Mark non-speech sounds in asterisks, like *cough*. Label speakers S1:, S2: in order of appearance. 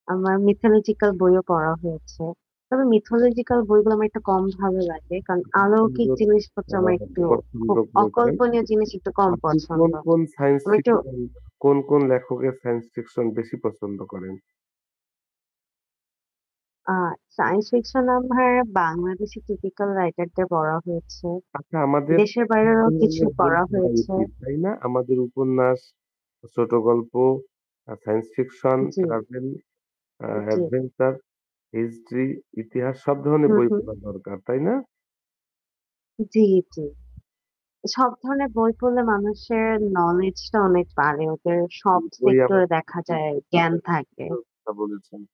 S1: আমার
S2: *unintelligible*
S1: মিথোলজিক্যাল বইও পড়া হয়েছে। তবে মিথোলজিক্যাল বইগুলো আমার একটু কম ভালো লাগে। কারণ
S2: আপনি
S1: অলৌকিক
S2: সুন্দর
S1: জিনিসপত্র
S2: আ
S1: আমার একটু
S2: পছন্দ
S1: খুব
S2: করেছেন।
S1: অকল্পনীয় জিনিস একটু কম
S2: আপনি কোন,
S1: পছন্দ।
S2: কোন সাইন্স
S1: আমি একটু
S2: ফিকশন, কোন, কোন লেখকের সাইন্স ফিকশন বেশি পছন্দ করেন?
S1: আ সাইন্স ফিকশনাল হ্যাঁ, বাংলাদেশি টিপিক্যাল রাইটারদের পড়া হয়েছে।
S2: আচ্ছা আমাদের
S1: দেশের
S2: সব
S1: বাইরেরও কিছু
S2: ধরনের বই
S1: পড়া
S2: পড়া
S1: হয়েছে।
S2: উচিত তাই না? আমাদের উপন্যাস, ছোট গল্প, আ সাইন্স ফিকশন
S1: জ্বী।
S2: ট্রাভেল আ
S1: উ জ্বী।
S2: অ্যাডভেঞ্চার, হিস্ট্রি, ইতিহাস সব ধরনের
S1: হুম,
S2: বই
S1: হম।
S2: পড়া দরকার। তাই না?
S1: উ জ্বী, জ্বী। সব ধরনের বই পড়লে মানুষের নলেজটা অনেক বাড়ে। ওদের
S2: জ্বী।
S1: সব
S2: বই
S1: সেক্টর-এ
S2: আমাদের
S1: দেখা যায়
S2: *unintelligible*
S1: জ্ঞান থাকে।
S2: বলেছেন।